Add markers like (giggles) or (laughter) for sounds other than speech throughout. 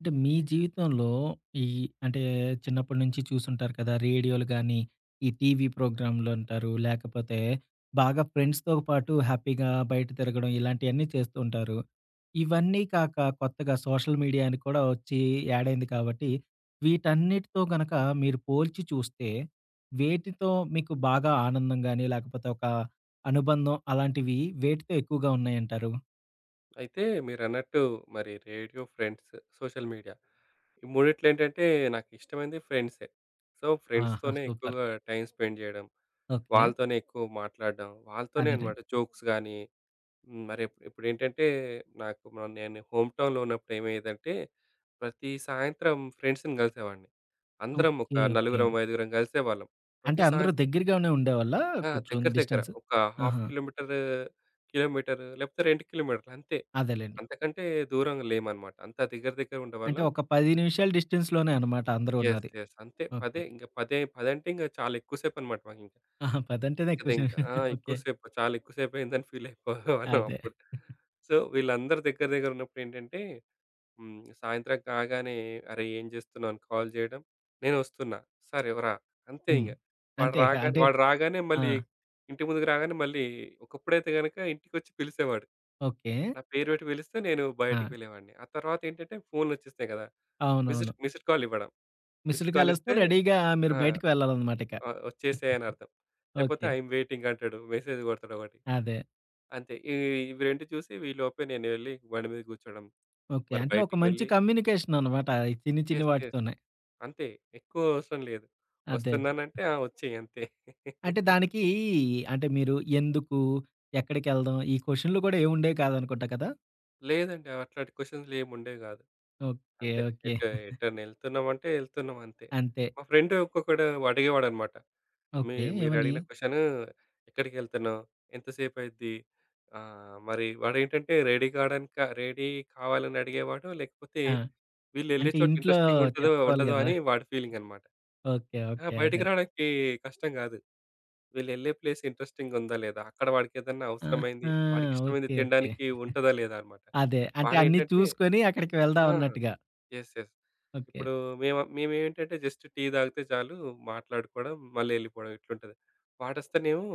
అంటే మీ జీవితంలో, ఈ అంటే చిన్నప్పడి నుంచి చూసుంటారు కదా! రేడియోలు గానీ, ఈ టీవీ ప్రోగ్రాములంటారు, లేకపోతే, బాగా ఫ్రెండ్స్‌తో పాటు హ్యాపీగా బయట తిరగడం ఇలాంటియన్నీ చేస్తూ ఉంటారు. ఇవన్నీ కాక కొత్తగా సోషల్ మీడియాని కూడా వచ్చి యాడైంది కాబట్టి, వీటన్నిటితో గనక మీరు పోల్చి చూస్తే, వేటితో మీకు బాగా ఆనందం గాని, లేకపోతే ఒక అనుబంధం, అలాంటివి వేటితో ఎక్కువగా ఉన్నాయంటారు? అయితే మీరన్నట్టు, మరి రేడియో, ఫ్రెండ్స్, సోషల్ మీడియా. ఈ మూడిట్లో ఏంటంటే నాకిష్టమైంది ఫ్రెండ్సే. సో, ఆహా! ఫ్రెండ్స్‌‌తోనే సూపర్. ఎక్కువగా టైమ్ స్పెండ్ జేయడం, ఓకే. వాళ్ళతోనే ఎక్కువ మాట్లాడం, వాళ్ళతోనే అనమాట అదేనండి. జోక్స్‌ గాని, హ్మ్. మరిప్పు ఇప్పుడేంటంటే, నాకు మ నేను హోమ్‌టౌన్‌లో ఉన్నప్పుడు ఏమైయ్యేదంటే, ప్రతీ సాయంత్రం ఫ్రెండ్స్‌ని గలిసేవాన్ని. అందరం ఒక ఓకే. ఓకే. నలుగురం, ఐదుగురం గలిసేవాళ్ళం. ప్రతీ అంటే అందరూ సాయంత్రం దగ్గరగానే ఉండేవాళ్ళా, ఆ! కొంచెం దగ్గర దగ్గర. డిస్టెన్స్? ఒక హాఫ్ ఆహా! కిలోమీటరు, కిలోమీటరు, లేకపోతే 2 కిలోమీటర్లు అంతే. అదేలెండి. అంతకంటే దూరంగా లేమనమాట. అంతా దగ్గర అంటే దగ్గరుండేవాళ్ళం. ఒక 10 నిమిషాల డిస్టెన్స్‌‌లోనే అనమాట అందరూ యెస్, ఉన్నది. యెస్. అంతే ఓకే. పదే, ఇంక పదె పదంటే ఇంక చాలా ఎక్కువ సేపనమాట, మాకింక. ఆహా! పదంటేనే ఎక్కువ సే ఇదింక ఆ! (chuckles) ఎక్కువ ఓకే. సేపు. చాలా ఎక్కువ సేపయిందని ఫీలయిపోయెవాళ్ళం అదే. అప్పుడు (chuckles) సో, వీళ్ళందరూ దగ్గర దగ్గరున్నప్పుడేంటంటే హ్మ్. సాయంత్రం కాగానే "అరే! ఏం చేస్తున్నావు?" అని కాల్ జేయడం, "నేనొస్తున్న!" "సరే రా!" అంతే హ్మ్. ఇంగ! వాడు అంతే. ఇక రాగానె అంటే వాడు రాగానే ఆ! మళ్ళీ, ఇంటి ముందుకు రాగానే మళ్ళీ ఒకప్పుడైతే గనక, ఇంటికొచ్చి పిలిసేవాడు. ఓకే. నా పేరు పెట్టి పిలుస్తే, నేను బయటికి ఆ! వెళ్ళేవాన్ని. ఆహ్, తర్వాతేంటంటే ఫోన్లు వచ్చేసాయి కదా! అవునవును. మిస్ట్ మిస్డ్ కాల్ ఇవ్వడం. మిస్డ్ మిస్ట్ కాల్ కాల్ వస్తే ఇస్తే, రెడీగా మీరు ఆ! బయటికి వెళ్ళాలనమాట ఇక. ఆ! వచ్చేసెయని (giggles) అర్థం. లేకపోతే ఓకే. అయామ్ వెయిటింగ్ అంటాడు. మెసేజ్ కొడతాడు ఒకటి. అదే. అంతే, ఇ ఇవి రెండు చూసి, ఈ లోపే నేను వెళ్ళి బండి మీద కూర్చోడం, ఓకే. మరి అంటే ఒక బయటికి మంచి వెళ్ళి కమ్యూనికేషననమాట ఈ చిన్ని చిన్ని యెస్, యెస్. వాటితోనే. అంతే. ఎక్కువ అవసరం లేదు. అదే. అదే. వస్తున్నానంటే, ఆ! వచ్చెయి అంతే. అంటే (chuckles) దానికీ, అంటే మీరు ఎందుకు? ఎక్కడికెళ్దాం? ఈ క్వషనులు కూడా ఏముండేవి కాదనుకుంటా కదా? లేదండి. అట్లాంటి క్వెషన్స్‌లేంముండేవి గాదు. ఓకే. అంతే. ఓకే. ఎటు (giggles) ఎటైనా ఎళ్తున్నామంటే ఎళ్తున్నాం అంతే. అంతే. మా ఫ్రెండ్ ఒక్కొక్కడు అడిగేవాడనమాట. మీ ఓకే. మీరు ఏవని? అడిగిన క్వెషను ఎక్కడికిళ్తున్నావు? ఎంతసేపయిద్ది? ఆహ్, మరి వాడేంటంటే రెడీ కాడానికా రెడీ కావాలని అడిగేవాడో లేకపోతే. ఆ! వీళ్ళెళ్ళే అంటే చోట ఇంట్లో ఇంట్రెస్టింగుంటదో చెప్పుకోవాలి ఉండదో గదా! అని వాడి ఫీలింగ్ అనమాట. ఓకే. ఆ! ఓకే. బయటకి అదే. రావడానికి కష్టం గాదు. వీళ్ళెల్లే ప్లేస్ ఇంట్రెస్టింగ్ ఉందా లేదా? అక్కడ వాడికేదన్నా అవసరమైంది. ఆహా! వాడికి ఇష్టమైంది ఓకే. ఓకే. తినడానికి ఉంటదా లేదా (giggles) అనమాట. అదే. అంటే అన్నీ వాడేంటంటే? చూసుకొని అక్కడికి ఆ! వెళ్దామన్నట్టుగా. యెస్. యెస్. ఓకే. ఇప్పుడు మేమ మేమేంటంటే జస్ట్ టీ తాగితే చాలు మాట్లాడుకోవడం, మల్లెళ్ళిపోవడం ఇట్లుంటది. వాడొస్తేనేమో.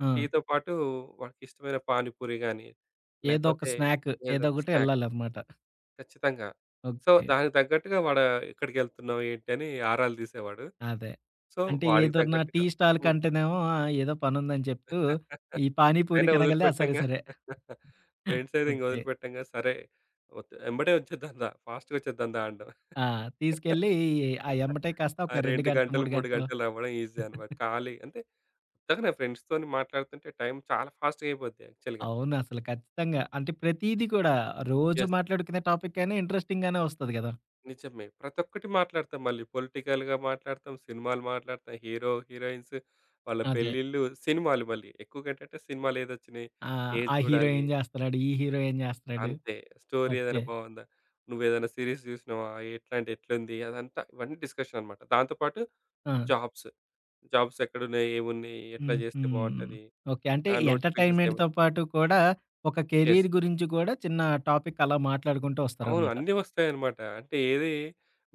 ఆ! టీతో పాటు వాడికిష్టమైన పానిపూరి గాని, ఏదో ఒక లేకపోతే స్నాక్ ఏదో ఏదో ఒక ఒకటి స్నాక్. ఎళ్ళాలనమాట. ఖచ్చితంగా. So okay. దానికి తగ్గట్టుగా వాడా ఎక్కడికెళ్తున్నావు ఏంటిని ఆరాలు తీసేవాడు. అదే. సో అంటే వాడికి ఏదన్నా టీ తగ్గట్టుగా. హ్మ్. స్టాల్‌కంటేనేమో ఏదో పనుందని చెప్తూ. (laughs) ఈ అయినా పానీపూరికనగాల్నే ఆ! సరే వదిలిపెట్టంగా. సరే. (giggles) (giggles) ఫ్రెండ్స్ అయితే ఓకే. ఇంకొదలుపెట్టంగా సరే. వచ్చ ఎమ్మడే ఒచ్చేద్దందా ఫాస్ట్‌గా వచ్చేద్దందా అనడం. ఆ! తీసుకెళ్ళి ఆ (laughs) ఎమ్మటే కాస్త ఆ! ఒక 2 2 గంటలు, గంటలు, 3 3 గంటలు. గంటలు అవ్వడం ఈజీ అనమాట. (chuckles) ఖాళీ. అంటే ఇందాక నా ఫ్రెండ్స్‌తోని మాట్లాడుతుంటే టైం చాలా ఫాస్ట్‌గా అయిపోద్ది యాక్చువల్‌గా. అవునసలు ఖచ్చితంగా. అంటే ప్రతీది కూడా. రోజు యెస్. మాట్లాడుకునే టాపికైనా ఇంట్రెస్టింగ్‌గానే వస్తది గదా! నిజమే. ప్రతొక్కటి మాట్లాడతాం మళ్ళీ. పొలిటికల్‌గా మాట్లాడతాం. సినిమాలు మాట్లాడతాం. హీరో, హీరోయిన్స్ వాళ్ళ అదే. పెళ్ళిళ్ళు సినిమాలు మళ్ళీ. ఎక్కువ‌గా ఏంటంటే సినిమాలు ఏదొచ్చినాయి. ఆ! ఏది ఆ హీరో చూడాలి. ఏం జేస్తున్నాడు? ఈ హీరో ఏం జేస్తన్నాడు? అంతే. Story okay. ఏదైనా బావుందా? నువ్వేదైనా సిరీస్ జూసినావా? ఎట్లాంటి ఎట్లా ఉంది? అదంతా ఇవన్నీ డిస్కషన్ అనమాట. దాంతో పాటు ఆ! జాబ్స్. జాబ్స్ ఎక్కడున్నాయి? ఏవున్నాయి? ఎట్లా హుహు. జేస్తే బావుంటది? ఓకే. అంటే ఆ నోటిఫికేషన్స్ ఏవ. ఎంటర్టైన్మెంట్‌తో పాటు కూడా ఒక యస్. కెరీర్ గురించి కూడా చిన్న టాపిక్ అలా మాట్లాడుకుంటూ అవును. వస్తారనమాట. అన్నీ వస్తాయనమాట. అంటే ఏది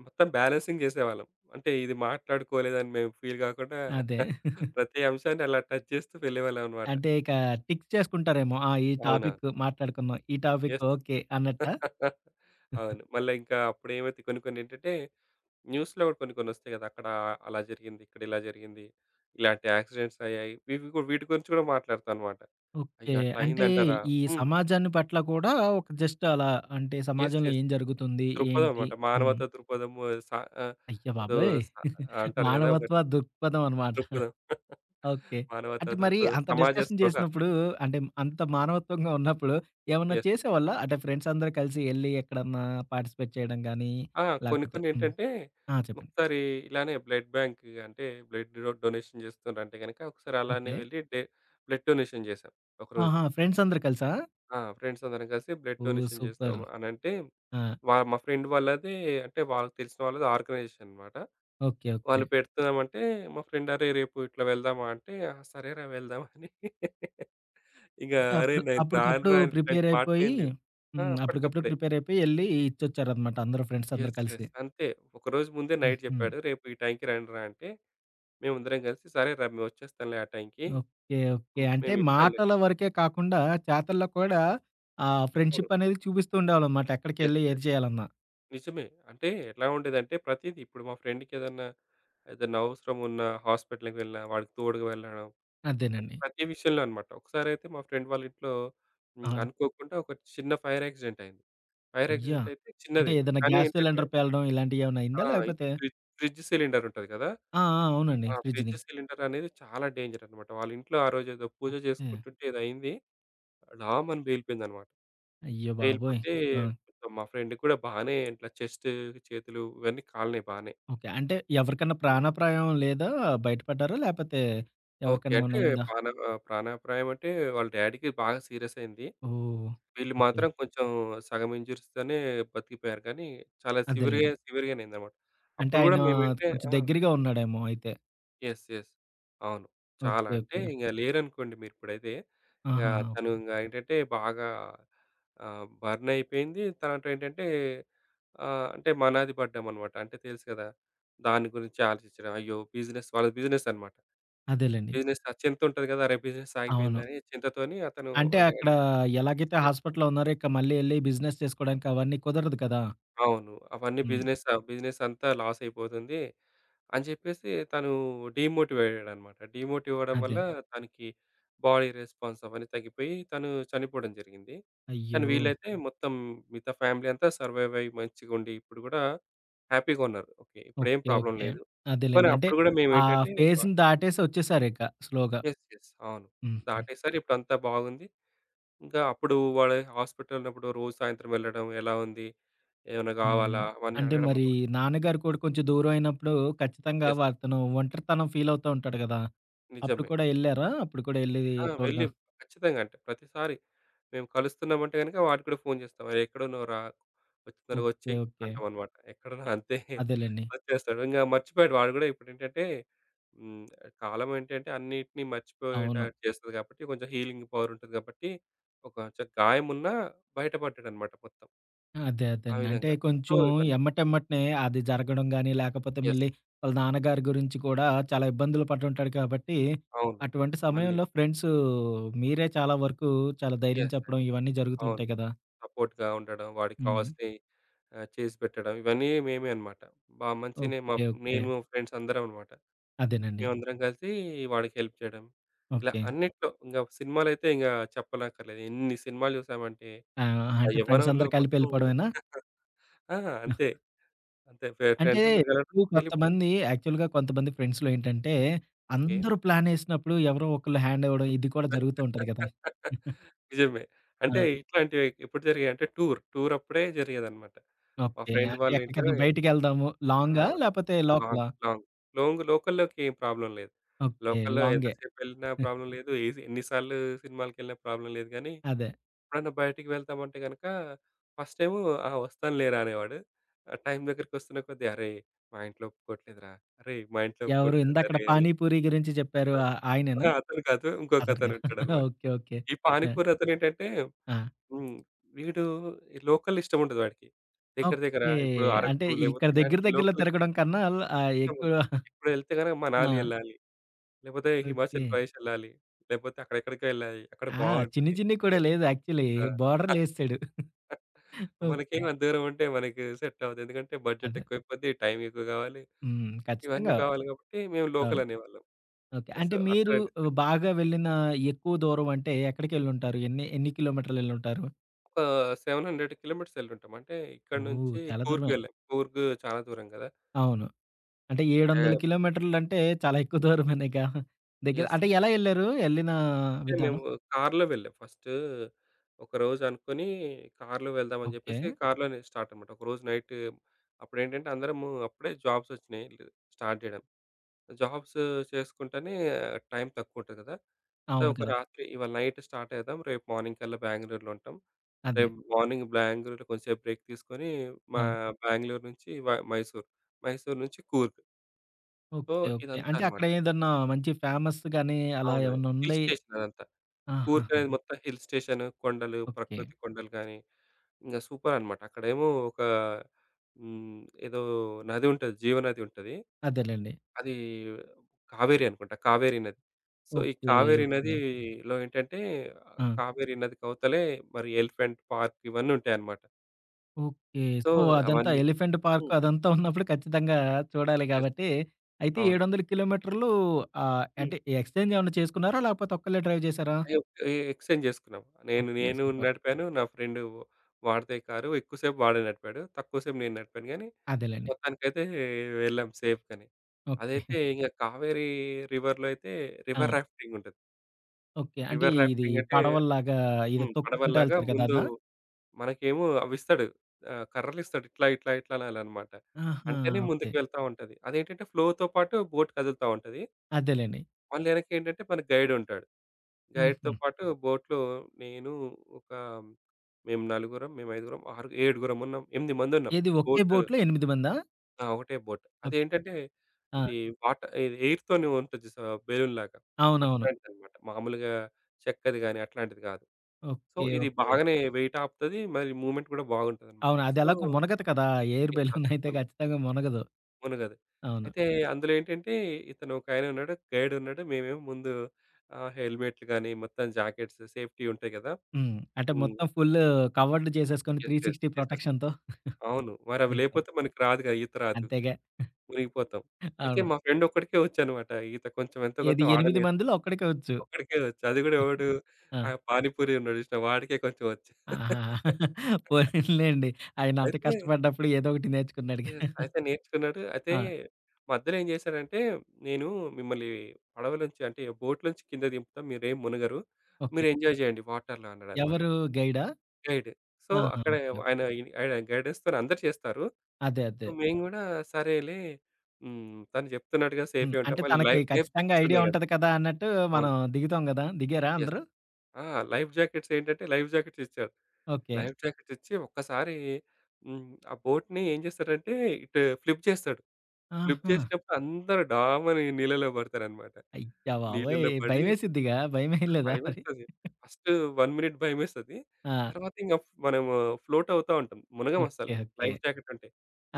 మొత్తం బ్యాలెన్సింగ్ జెసేవాళ్ళం. అంటే ఇది మాట్లాడుకోలేదని మేము ఫీల్ గాకుండా. అదే. (chuckles) (chuckles) ప్రతి అంశాన్ని అలా టచ్ చేస్తూ వెళ్ళేవాలమనమాట. అంటే ఇక టిక్ చేసుకుంటారేమో. ఆహ్, ఈ అవునా? టాపిక్ మాట్లాడుకున్నాం. ఈ టాపిక్ యస్. ఓకే. అన్నట్టా. (chuckles) (giggles) అవును. మళ్ళా ఇంకా అప్పుడేమైతే కొన్ని కొన్ని ఏంటంటే న్యూస్‌లో కూడా కొన్ని కొన్ని వస్తాయి కదా! అక్కడ అలా జరిగింది. ఇక్కడిలా జరిగింది. ఇలాంటి యాక్సిడెంట్స్ అయ్యాయి. వివిగు ఇవి వీటి గురించి కూడా మాట్లాడతాం అనమాట. ఓకే. అయ్యో! అట్లా అంటే అయిందంటారా! ఈ హ్మ్. సమాజాన్ని పట్ల కూడా ఒక జస్ట్ అలా అంటే యస్. సమాజంలో యస్. ఏం జరుగుతుంది? దృక్పథం ఏంటి? అనమాట. హ్మ్. మానవతా దృక్పథము సా ఆహ్, అయ్య ఏదో బాబోయ్! స (chuckles) అంటారు గదా! మానవత్వ ఒకటి. దృక్పథం అనమాట. (giggles) దృక్పథం (chuckles) ఓకే. మానవతా అంటే మరి దృక్పథం అంత సమాజ డిస్కషన్ స్పృహ. జేసినప్పుడు అంటే అంత మానవత్వంగా ఉన్నప్పుడు ఏమన్నా యస్. చేసేవాళ్ళా? అంటే ఫ్రెండ్స్ అందరూ కలిసి యెళ్ళి ఎక్కడన్నా పార్టిసిపేట్ చేయడం గానీ. ఆ! కొన్ని లేకపోతే కొన్ని హ్మ్. ఏంటంటే ఆ! చెప్పండి. ఒకసారి ఇలానే బ్లడ్ బ్యాంకు అంటే బ్లడ్ డొ-డొనేషన్ చేస్తుండ్రంటే గనుక ఒకసారి అలానే ఓకే. వెళ్ళి డే బ్లడ్ డొనేషన్ చేశాం. ఒకరోజు. ఆహా! ఫ్రెండ్స్ అందరూ కలిసా? ఆ! ఫ్రెండ్స్ అందరం కలిసి బ్లడ్ ఓహ్! Donation super! చేసామనంటే. ఆ! వా మా ఫ్రెండ్ వాళ్ళదే అంటే వాళ్ళకి తెలిసిన వాళ్ళది ఆర్గనైజేషన్‌ అనమాట. ఓకే. ఓకే. వాళ్ళు పెడుతున్నామనంటే మా ఫ్రెండ్ అరే రేపు ఇట్లా వెళ్దామా అంటే. ఆ! సరేర వెళ్దాం అని (chuckles) ఇక అంటే అరేయ్! అప్పుడు నేను అప్పుడికప్పుడు రానురా అని ఇట్లాంటి ప్రిపేర్ అయిపోయి. మాటలేం లేవు. ఆ! హ్మ్. అప్పుడికప్పుడు అప్పటికప్పుడే. ప్రిపేర్ అయిపోయి ఎళ్ళి ఇచ్చొచ్చారనమాట. అందరూ ఫ్రెండ్స్ అందరూ యస్. కలిసి. యస్. అంతే. ఒకరోజు ముందే నైట్ హుహు. జెప్పాడు. రేపు ఈ టైంకి రండ్రా అంటే. మేముందరం కలిసి సరే రా మేము వచ్చేస్తాంలే ఆ టైంకి. ఓకే. ఓకే. హ్మ్. అంటే మేము ఇస్తాంలే మాటల వరకే కాకుండా చేతల్లో కూడా ఆ ఇవ్వను. ఫ్రెండ్‌షిప్ అనేది చూపిస్తూ ఉండేవాళ్ళనమాట. యస్. ఎక్కడికెళ్ళి ఏది యస్. చేయాలన్న. నిజమే. అంటే ఎలా ఉండేదంటే ప్రతిదీ ఇప్పుడు మా ఫ్రెండ్‌కి ఏదన్నా, ఏదన్నా అవసరమున్న హాస్పిటల్‌కి వెళ్ళినా వాడికి తోడుగా వెళ్ళడం. అంటే అదేనండి. ప్రతి విషయంలో అనమాట ఒక్కసారితే మా ఫ్రెండ్ వాళ్ళింట్లో ఆ! అనుకోకుండా ఒక చిన్న ఫైర్ ఆక్సిడెంట్ అయింది. ఫైర్ అయ్య! ఆక్సిడెంట్ అయితే అంటే చిన్నది. ఏదైనా కానీ గ్యాస్ ఏంటంటే సిలిండర్ పేలడం ఇలాంటియేమన్నా ఆ! అయిందా ఇది లేకపోతే? ఫ్రిడ్ ఫ్రిడ్జ్ సిలిండర్ ఉంటది గదా! ఆ! ఆ! అవునండి. ఆహ్, ఫ్రిడ్జ్‌ది. ఫ్రిడ్జ్ సిలిండర్ అనేది చాలా డేంజర్ అనమాట. వాళ్ళింట్లో ఆ రోజు ఏదో పూజ ఓకే. జేసుకుంటుంటే ఏదో అయింది. డామని పేలిపోయిందనమాట. అయ్య బాబోయ్! పేలిపోతే ఆ! ఇక మా ఫ్రెండ్ కూడా బానే ఇట్లా చెస్టు చేతులు ఇవన్నీ కాలినాయి బానే. ఓకే. అంటే ఎవరికన్నా ప్రాణాప్రాయం లేదా బయటపడ్డారా? లేకపోతే? ఓకే. ఎవరికన్నా అంటే ఏమన్న అయిందా? ప్రాణ ఆహ్, ప్రాణాప్రాయం అంటే వాళ్ళ డాడీ‌కి బాగా సీరియస్ అయింది. ఓహ్! వీళ్ళు ఓకే. మాత్రం కొంచెం సగం ఇన్‌జ్యూరీస్‌తోనే బతికిపోయారు. కానీ చాలా సివేర్‌ అదేలెండి. సివియర్‌గానే అయిందనమాట. అంటే అప్పడు గూడా ఆయన మేమైతే కొంచెం ఆ! దగ్గరగా ఉన్నాడేమో అయితే. యెస్. యెస్. అవును. చాలా ఓకే. అంటే ఓకే. ఇంగ లేరనుకోండి మీరిప్పుడైతే. ఇంగా ఆహాహా! తను ఓకే. ఇంగ ఏంటంటే బాగా ఆహ్, బర్నయిపోయింది, తర్వాతేటంటే ఆహ్, అంటే మనాది పడ్డామనమాట, అంటే తెలుసు గదా! దాని గురించి ఆలోచించడం, అయ్యో! బిజినెస్ వాళ్ళది బిజినెస్ అనమాట. అదేలెండి. బిజినెస్‌లో ఆ చింతుంటది గదా! అరే! బిజినెస్ అవును. ఆగిపోయిందని చింతతోని అతను అంటే వాళ్ల అక్కడ డాడీ ఎలాగైతే యెస్. హాస్పిటలులో ఉన్నారో ఇక్క మళ్ళీ ఎళ్ళి బిజినెస్ చేసుకోడానికవన్నీ కుదరదు కదా! అవును. అవన్నీ హ్మ్. బిజినెస్ అవ్ బిజినెస్సంతా లాసైయిపోతుంది అని జెప్పేసి తను డీమోటివయ్యాడడనమాట. డీమోటివవడం వల్ల అదే. తనకి బాడీ రెస్పాన్స్ అవన్నీ తగ్గిపోయి తను చనిపోవడం జరిగింది. కానీ, అయ్యో! వీళ్ళైతే మొత్తం మిగతా ఫ్యామిలీ అంతా సర్వైవయ్యి మంచిగుండి, ఇప్పుడు గూడా హ్యాపీగున్నారు. ఓకే. ఇప్పుడేం ఓకే. Problem okay. లేదు. పోనీ అదేలెండి. అంటే అప్పుడు గూడా ఆ మేమేంటంటే బ ఫేస్‌ని దాటేసి ఒచ్చేసారింక స్లోగా. యెస్. యెస్. అవును. హుహు. దాటేసారు, ఇప్పుడంతా బావుంది, ఇంక అప్పుడు వాడు హాస్పిటలలోన్నప్పుడు రోజూ సాయంత్రం వెళ్ళడం ఎలా ఉంది? ఏమన్నా హ్మ్. గావాలా? అవన్నీ అంటే అడగడం మరి అనమాట. నాన్నగారు కూడా కొంచెం దూరమైనప్పుడు ఖచ్చితంగా యెస్. వారితోను ఒంటరితనం ఫీలవుతా ఉంటాడు గదా! అప్పుడు నిజమే. కూడా నిజం. ఎళ్ళారా? అప్పుడు కూడా ఎళ్ళి ఆ! తోడుగా వెళ్ళి ఖచ్చితంగా అంటే ప్రతిసారీ మేము కలుస్తున్నమంటే గనక వాడికి గూడా ఫోను జేస్తం అరే! ఎక్కడ ఉన్నవురా? ఒచ్చెయ్ ఓకే. తొరగొచ్చెయి ఓకే. అంటమనమాట. ఎక్కడువు అంతే. అ అదేలెండి. ఒచ్చేస్తాడు. ఇంగ మర్చిపోయాడు వాడు గూడా ఇప్పుడేంటంటే హ్మ్. కాలమేంటంటే అన్నీటిని అవును. మర్చిపోయేటట్టు జేస్తది గాబట్టి, కొంచెం హీలింగ్ పవరుంటది గాబట్టి ఒ కొంచం గాయమున్నా బయట బడ్డడనమాట మొత్తం. అదే ఆ అదేండి. అంటే విధంగా. ఆహ్ సో, కొంచెం ఇవన్నీ ఎమ్మటెమ్మటనే అది జరగడం గానీ, లేకపోతే యెస్. మళ్ళీ వాళ్ళ నాన్నగారి గురించి కూడా చాలా ఇబ్బందులు పటుంటాడు కాబట్టి, అవును. అటువంటి మళ్ళీ. సమయంలో ఫ్రెండ్స్ మీరే చాలా వరకు చాలా ధైర్యం యెస్. యెస్. చెప్పడం ఇవన్నీ అవును. జరుగుతూంటాయి కదా! సపోర్ట్‌గా ఉండడం, వాడికి హ్మ్. కావాల్సినయి ఆహ్, చేసిపెట్టడం ఇవన్నీ మేమే అనమాట. బా మంచినే ఓకే. MOP okay. మేము ఫ్రెండ్సందరమనమాట. అదేనండి. మేమందరం గలిసి వాడికి హెల్ప్ జేయడం, ఇలా ఓకే. అన్నిట్లో ఇంగ ఒక సినిమాలైతే ఇంగ చెప్పనక్కర్లేదు. ఎన్ని సినిమాలు జూసామంటే ఆ! ఆ అంటే యవ్వనంలో ఫ్రెండ్సందరూ కలిపి మొత్తము ఎళ్ళిపోవడమేనా? (chuckles) ఆ! అంతే. (giggles) అంతే ఫె అంటే ఫ్రెండ్సందరూ కలవటం ఇప్పుడు ఎళ్ళిపోడం. కొంతమంది యాక్చువల్‌గా కొంతమంది ఫ్రెండ్స్‌లో ఏంటంటే ఓకే. అందరూ ప్లానేసినప్పుడు ఎవరో ఒకళ్ళు హ్యాండివ్వడం ఇది కూడా జరుగుతూ ఉంటది గదా! (laughs) (giggles) నిజమే. ఆ! అంటే ఇట్లాంటివి ఎప్పుడు జరిగాయంటే టూర్, టూరప్పుడే జరిగేదనమాట. మా ఓకే. ఫ్రెండ్ అంటే వాళ్ళ ఇంట్లో ఎక్కడికన్నా బయటికెళ్దాము. ఆ! లాంగా లేపోతే లాంగ్ లోకలా? లాంగ్ లోంగ్ లోకల్‌లోకేం ప్రాబ్లమ్ లేదు. ఓకే. లోకల్‌లో లాంగే. ఎంతసేపెళ్ళినా (giggles) ప్రాబ్లమ్ లేదు, ఏసి ఎన్ని సార్లు సినిమాలకెళ్ళినా ప్రాబ్లమ్ లేదు గానీ, అదే. ఎప్పుడన్నా బయటికి వెళ్తామంటే గనక ఫస్ట్ టైము, "ఆ! ఒస్తానులేరా అనేవాడు". ఆ టైం దగ్గరకొస్తున్నా కొద్దీ "అరేయ్! మా ఇంట్లో ఒప్పుకోట్లేదురా! అరేయ్! మా ఇంట్లో ఎవరు ఒప్పుకోట్లేదు ఇందకడ అరే అరేయ్!" పానీపూరి గురించి జెప్పారు (giggles) ఆహ్, ఆయనేనా? అహా! అతను కాదు. అతను గా ఇంకోకతను (chuckles) ఉంటాడనమాట. ఓకే. ఓకే. ఈ యాహ్! పానిపూరతనేంటంటే ఆ! హ్మ్. వీడు లోకలిష్టముండదు ఆడికి. దెగ్గర దెగ్గర ఓకే. ఇప్పుడు అంటే అరకు లేబోతే ఇక్కడ దెగ్గర ఇలాంటివి దెగ్గరలో లోకల్... తిరగడం కన్నా ఆళ్ళ ఆహ్, ఇష్టముండదు. ఎక్కువా (chuckles) ఇప్పుడు ఎళ్తే గనక ఆ! మనాలి ఎళ్ళాలి, లేపోతే హిమాచల్ ఓకే. ప్రదేశ్ ఎళ్ళాలి, లేపోతే అక్కడెక్కడికో ఎళ్ళాలి, అక్కడ ఆ! చిన్ని బావుంటుది. చిన్నికూడా అది లేదు యాక్చువల్లీ. ఆ! (chuckles) బోర్డర్‌లేసేసాడు. (chuckles) ఓకే. మనకేమో అంత దూరముంటే మనకు సెట్టవ్వదు, ఎందుకంటే బడ్జెట్ అదే. ఎక్కువైపోద్ది, టైమెక్కువ గావాలి, హ్మ్. ఇవన్నీ ఖచ్చితంగా. గావాలి గాబట్టి మేము అవును. లోకల్ అనేవాళ్ళం. ఓకే. ఆ! సో, అంటే అక్కడ మీరు డిస్కషన్ ఆహ్, బాగా వెళ్ళిన ఎక్కువ దూరమంటే ఎక్కడికెళ్ళుంటారు? ఎన్ని ఎన్ని కిలోమీటర్‌లెళ్ళుంటారు? ఒక 700 కిలోమీటర్సేళ్ళుటాం. అంటే ఇక్కడి ఓహ్! నుంచి చాలా కూర్గ్‌ దూరమే! వెళ్ళాం. కూర్గు చాలా దూరం గదా! అవును. అంటే అంటే 700 కిలోమీటర్లంటే, చాలా ఎక్కువ దూరమనేగా? దెగ్గర యెస్. అంటే, ఎలా ఎళ్లారు? ఎళ్ళినా అంటే విధానం? మేము కారులో వెళ్ళాం. ఫస్టు, ఒకరోజు అనుకొని కారులో వెళ్దామని ఓకే. చెప్పేసి, కారులోనే స్టార్టనమాట. ఒకరోజు నైటు, అప్పుడేంటంటే అందరమూ, అప్పుడే జాబ్సోచ్చినయి, ఇగ స్టార్ట్ జేయడం. జాబ్స్ చేసుకుంటానే, టైం తక్కువ ఉంటది గదా! సో, అవును ఒక కదా! రాత్రి ఇవాళ నైట్ స్టార్టయద్దాం. రేపు మార్నింగ్‌కల్లా బెంగుళూరులో ఉంటాం. అదే. రేపు మార్నింగ్ బెంగుళూరులో కొంసేపు బ్రేక్ తీసుకొని, మా ఆ! బెంగుళూరు నుంచి వ మైసూర్. మైసూర్ నుంచి కూర్గ్. So, okay. ఓకే. అంటే ఇదంతానమాట. అక్కడేదన్నా, మంచి ఫేమస్‌గాని అలా అవును. హిల్ ఏమన్నుండి స్టేషనదంతా. కూర్గ్ ఆహాహా! అనేది మొత్తం హిల్ స్టేషను, కొండలు, ఓకే. ప్రకృతి కొండలు గానీ, ఇంగ సూపరనమాట. అక్కడేమో ఒక హ్మ్. ఏదో నదుంటది. జీవ నదుంటది. అదేలెండి. అది కావేరి అనుకుంట, కావేరి నది. సో, ఈ ఓకే. కావేరి ఓకే. నదీలో ఏంటంటే, ఆ! కావేరి నదికవతలే మరి, ఎలిఫెంట్ పార్కివన్నీ ఉంటాయన్నమాట. ఓకే. సో సో అదంతా అవన్నీ. ఎలిఫెంట్ పార్క్ హ్మ్. అదంతా (chuckles) ఉన్నప్పుడు ఖచ్చితంగా చూడాలి యెస్. గాబట్టి. అయితే అవును. 700 కిలోమీటర్లు ఆహ్, హ్మ్. అంటే ఎక్స్‌ఛేంజ్ ఏమన్నా చేసుకున్నారా? లేకపోతే ఒక్కళ్ళే డ్రైవ్ చేశారా? అయొ! ఎ ఎక్స్‌ఛేంజ్ జేసుకున్నాం. నేను ఓకే. నేను సూపర్! నడిపాను. నా ఫ్రెండు వాడిదే కారు ఎక్కువసేపు‌ వాాడె నడిపాడు. తక్కువ సేపు నేను నడిపాను గానీ. అదేలెండి. మొత్తానికైతే వెళ్ళాం సేఫ్‌గానే. ఓకే. అదైతే (giggles) ఇంగ కావేరీ రివర్‌లో అయితే ఆ! రివర్ రాఫ్టింగ్ ఉంటది. ఓకే. అంటే రివర్ ఇది రాఫ్టింగ్ అంటే పడవల్లాగా ఇద హ్మ్. తొక్కుకుంటా పడవల్లాగా ఎళ్తారు గదా! ముందు అదా? మనకేమో అవిస్తాడు. ఆహ్, కర్రలిస్తాడు ఇట్లా ఇట్లా ఇట్లా అనాలనమాట. ఆహా! అంటేనే ఓకే. ముందుకు వెళ్తా ఉంటది. అదేంటంటే ఫ్లోతో పాటు బోట్ కదులుతా ఉంటది. అదేలెండి. మళ్ళీ యెనకేంటంటే మనకి గైడ్ ఉంటాడు. గైడ్‌తో హుహు. పాటు బోట్‌లో నేను ఒక మేము నలుగురం, మేం ఐదుగురం, ఆరు ఏడుగురమున్నాం, ఎనిమిదిమందుంన్నాం. ఏది ఒకే బోటు బోట్లో ఎనిమిదిమందా? ఆ! ఒకటే బోట్. ఓకే. అదేంటంటే ఆ! ఇది వాట్ ఇది ఎయిర్‌తోనే ఉంటది జూశావా? బెలూన్‌లాగా అవునవును. అట్లాంటిదనమాట. మామూలుగా చెక్కది‌ గాని అట్లాంటిది గాదు. So okay. ఇది ఓకే. బాగానే వెయిట్ ఆపుతది. మరి మూమెంట్ గూడా బాగుంటదనమాట. అవును. అది సో ఎలాగో మునగదు కదా! (giggles) యాహ్! ఆ! ఎయిర్‌బెలూన్ అయితే తపకుండా. ఖచ్చితంగా మునగదు. మునగదు. అవును. అయితే అందులో ఏంటంటే ఇతను ఒకాయనున్నాడు. గైడ్ ఉన్నాడు. మేమేమో ముందు ఆహ్, హెల్మెట్లు‌గానీ మొత్తం జాకెట్స్ సేఫ్‌టి ఉంటాయి గదా! హ్మ్. అంటే హ్మ్. మొత్తం ఫుల్ కవర్డ్ చేసేసుకొని యెస్. యెస్. 360 యెస్. యెస్. ప్రొటెక్షన్‌తో. అవును. (giggles) మరివి ఓకే. లేకపోతే మనకి రాదుగా! ఈత రాదు. అంతేగా. మునిగిపోతాం. అ అయితే అవును. మా ఫ్రెండ్ ఒక్కడికే వచ్చనమాట. ఈత కొంచెం ఎంతో కొంత ఏది ఎనిమిది వాడే‌నేర్చుకున్నడు. మందిలో ఒక్కడికి‌ ఒచ్చు. ఒకడికే వచ్చు అది గూడా ఎవడు ఆ! ఆ పానీపూరి ఉన్నాడు జూసినవా? వాడికే కొంచెం వచ్చు. ఆహా! (chuckles) (chuckles) పోనీలెండి. ఆయన అంత అయితే కష్టపడ్డప్పుడు ఏదోకటి నేర్చుకున్నాడుగా. యెస్. (chuckles) అయితే నేర్చుకున్నాడు. అయితే. ఆ! మధ్యలో ఏం జేశాడంటే! నేను మిమ్మల్ని పడవ‌లోంచి అంటే బోట్ నుంచి కింద దింపుతా, మీరేం మునగరు. ఓకే. మీరు ఎంజాయ్ జేయండి వాటర్‌లో అన్నడనమాట. ఎవరు గైడా? గైడ్. సో ఆహా! అక్కడే ఓకే. వ ఆయన ఇ ఆడ గైడెన్స్‌తోనే అందరూ చేస్తారు. అదే. సో అదే. మేము గూడా సరేలే. హ్మ్ తను చెప్తున్నట్టు గదా హ్మ్. సేఫే ఉంటా. అంటే మళ్ళీ లై తనకి ఖచ్చితంగా లైఫ్‌జాకెట్స్ ఐడియా ఉన్నాయి కదా! ఉంటది కదా! అన్నట్టు అవును. మనం దిగుతాం గదా! దిగారా యెస్. అందరూ? ఆ! లైఫ్‌జాకెట్స్ ఏంటంటే లైఫ్‌జాకెట్స్ ఇచ్చాడు. ఓకే. లైఫ్‌జాకెట్స్ ఇచ్చి ఒక్కసారి హ్మ్. ఆ బోట్‌ని ఏం జేసారంటే ఇటు ఫ్లిప్ చేసాడు. ప్లిప్ ఆహా! చేసినప్పుడు అందరూ ఢామని నీళ్ళలో పడతారనమాట. అయ్య బాబోయ్! నీళ్ళలో పడి భయమేసిద్దిగా భయమేయలేదా మరి? భయమేస్తది. (giggles) ఫస్ట్ 1 మినిట్ భయమేస్తది. ఆ! తర్వాత ఇంగ మనము ఫ్లోట్ అవుతా ఉంటాం. మునగం ఓకే. అస్సలు. ఓకే. లైఫ్‌జాకెట్ ఉంటే.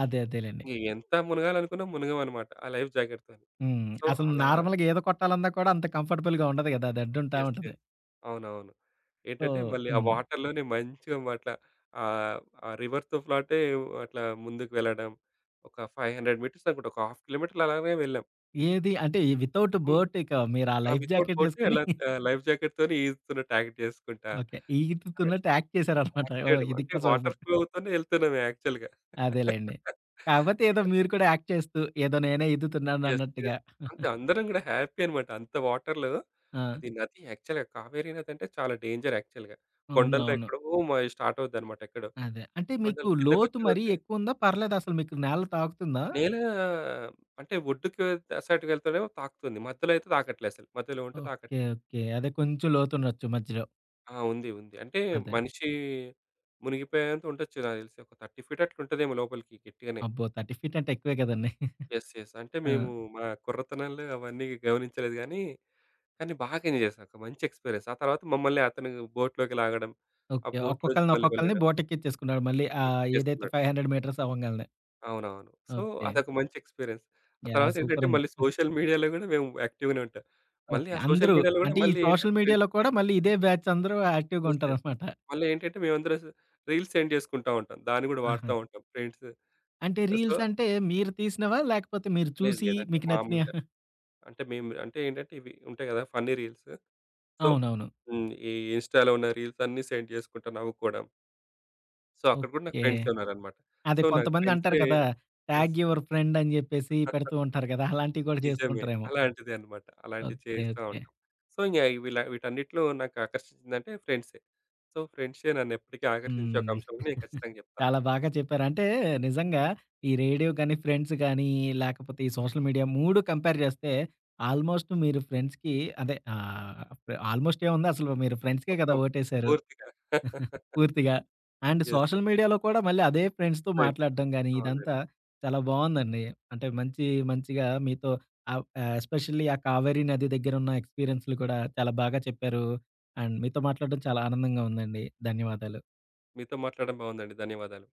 అదే. అదేలెండి. ఇగ ఎంత మునగాలనుకున్నా మునగమనమాట. ఆ లైఫ్‌జాకెట్‌‌తోని. హ్మ్. సో అసలు అలా నార్మల్‌గా ఈత కొట్టాలన్నా కూడా అంత కంఫట్‌బుల్‌గా ఉండదు గదా! అది అడ్డుంటా యెస్. ఉంటది. యెస్. అవునవును. సో ఏంటంటే మళ్ళీ ఆ హ్మ్. వాటర్‌లోనే మంచిగామాట ఆహ్, ఆ రివర్‌తో‌ఫ్లాటే అట్లా ముందుకు వెళ్ళడం. ఒక 500 మీటర్స్ అనుకుంట. ఒక ½ కిలోమీటర్లు అలానే వెళ్ళాం. ఏది అంటే విత్‌ఔట్ హ్మ్. బోట్ ఇకా మీరు ఆ ఆ! లైఫ్ విత్‌ఔట్ జాకెట్ బోట్ ఏసుకొని ఎలా ట్ (giggles) ఆహ్, లైఫ్ జాకెట్‍తోనే ఈదుతున్నట్టు యాక్ట్ చేసుకుంటా. ఓకే. అదే ఈదుతున్నటు యాక్ట్ చేశారనమాట. యాక్ట్ ఓహ్! చేయడం. అంటే ఇదింకా వాటర్ సూపర్. ఫ్లో అవుతోనే ఎళ్తున్నం యాక్చువల్‍గా. అదేలెండి. (chuckles) కాపోతే ఏదో ఇలా. మీరు కూడా యాక్ట్ చేస్తూ, ఏదో నేనే యెస్. ఈదుతున్నానన్నట్టుగా యెస్. అంతే (giggles) అందరం గూడా హ్యాపీ అనమాట. అంత వాటర్‍లో ఆ! అది నది యాక్చువల్‍గా కావేరి నది అంటే చాలా డేంజర్ యాక్చువల్‍గా. అవును. కొండల్లో అవును. ఎక్కడో మ స్టార్ట్ అవుద్దనమాట ఎక్కడో. అదే. అంటే మీకు కొండలు లోతు కిందకోచ్చే మరీ కొద్ది ఎక్కువుందా? పర్లేదా అసలు మీకు నేల తాకుతుందా? నేలా హ్మ్, అంటే ఒడ్డుకి అత్ అసార్ట్‌కి వెళ్తోనేమొ తాకుతుంది, మధ్యలో అయితే తాకట్లే అసలు మధ్యలో ఉంటే ఓకే. తాకట్లే. ఓకే. అదే కొంచెం లోతుండొచ్చు మధ్యలో. ఆ! ఉంది ఉంది. అంటే అదే. మనిషీ మునిగిపోయేంత ఉండొచ్చు నాకు తెలిసి. ఒక 30 ఫీట్ అట్లా ఉంటదేమో లోపలికి గట్టిగనే. అబ్బో! 30 ఫీట్ అంటే ఎక్కువే గదండీ. (giggles) Yes yes. అంటే ఆ! మేము మా కుర్రతనంలో అవన్నీ గమనించలేదు గానీ, కానీ బాగా ఎంజాయ్ చేశా. ఒక మంచి ఎక్స్‌పీరియన్స్. ఆ తర్వాత మమ్మల్ని అతను బోట్‍లోకి లాగడం, ఆ ఓకే. బోట్‍లో నుంచి ఒక్కొక్కళ్ళని, మళ్ళి ఒక్కొక్కళని వెళ్ళడం. బోటెక్కిచ్చేసుకున్నాడు. మళ్ళీ చెక్ ఆహ్, ఏదైతే చేస్తున్నాడు. 500 మీటర్స్ అవంగాల్నే. అవునవును. So okay. అదొక మంచి ఎక్స్‌పీరియన్స్. ఆ యాహ్! తర్వాతేంటంటే సూపరుంది. మళ్ళీ (giggles) సోషల్ మీడియాలో గూడా మేము యాక్టివ్‍గానే ఉంటాం. మళ్ళీ ఓకే. ఆ సోషల్ అందరూ! మీడియాలో గూడా అంటే ఈ మళ్ళీ ఏంటంటే సోషల్ ఫ్రెండ్స్ మీడియాలో కూడా మళ్ళీ ఇదే బ్యాచ్ అందరూ యాక్టివ్‍గా యెస్, యెస్. ఉంటారనమాట. మళ్ళా ఏంటంటే మేమందరూ స్ రీల్స్ సెండ్ చేసుకుంటా ఉంటాం. దాన్ని గూడ ఆహా! వాడతా ఉంటాం. ఫ్రెండ్స్. అంటే ఆహ్, సో రీల్సంటే మీరు తీసినవా? లేకపోతే మీరు లేదు, చూసి లేదంటే మీకు నచ్చినయ? మామూలుగా. (giggles) అంటే మేము అంటే ఏంటంటే ఇవి ఉంటాయి కదా! ఫన్నీ రీల్స్ సో అవునవును. హ్మ్. ఈ ఇన్‍స్టాలో ఉన్న రీల్సన్నీ సెండ్ జేసుకుంటా నవ్వుకోవడం. సో అక్కడ గూడా నాకు ఓకే. ఫ్రెండ్సే ఉన్నారనమాట. అదే సో నాకు కొంతమందంటారు ఫ్రెండ్సె కదా! యెస్. ట్యాగ్ యూవర్ ఫ్రెండ్ అని జెప్పేసి (chuckles) పెడుతూ ఉంటారు కదా! అలాంటివి కూడా చేస్తూ నిజమే. ఉంటారేమో. అలాంటిదే అనమాట. అలాంటివి ఓకే. చేస్తా ఓకే. ఉంటాం. సో ఇంగ వీలా వీటన్నిట్లో నాకు ఆకర్షించిందంటే ఫ్రెండ్సే. సో ఫ్రెండ్సే నన్ను ఎప్పటికీ ఆకర్షించే ఒక హ్మ్. అంశంనమని నేను (giggles) ఖచ్చితంగా జెప్తా. చాలా బాగా చెప్పారు. అంటే నిజంగా ఈ రేడియో గానీ, ఫ్రెండ్స్ గానీ ఈ లేకపోతే ఈ సోషల్ మీడియా 3 కంపేర్ జేస్తే ఆల్‍మోస్ట్ మీరు ఫ్రెండ్స్‌కి అదే ఆహ్, ఫ్ ఆల్‍మోస్ట్ ఏముంది అసలు మీరు ఫ్రెండ్స్‌కే గదా! మొత్తం. ఓటేశారు. పూర్తిగా. (giggles) (chuckles) పూర్తిగా. And yes. సోషల్ మీడియాలో కూడా మళ్ళీ అదే ఫ్రెండ్స్‌తో ఫ్రెండ్స్. మాట్లాడడం గానీ, ఇదంతా అవునండి. చాలా బావుందండి. అంటే మంచి మంచిగా మీతో అవ్ ఆహ్, ఎస్పెషల్లీ ఆ కావేరి నది దగ్గర ఉన్న ఎక్స్‌పీరియన్సులు కూడా చాలా బాగా చెప్పారు. అండ్ మీతో మాట్లాడడం చాలా ఆనందంగా ఉందండి. ధన్యవాదాలు. మీతో మాట్లాడడం బావుందండి. ధన్యవాదాలు.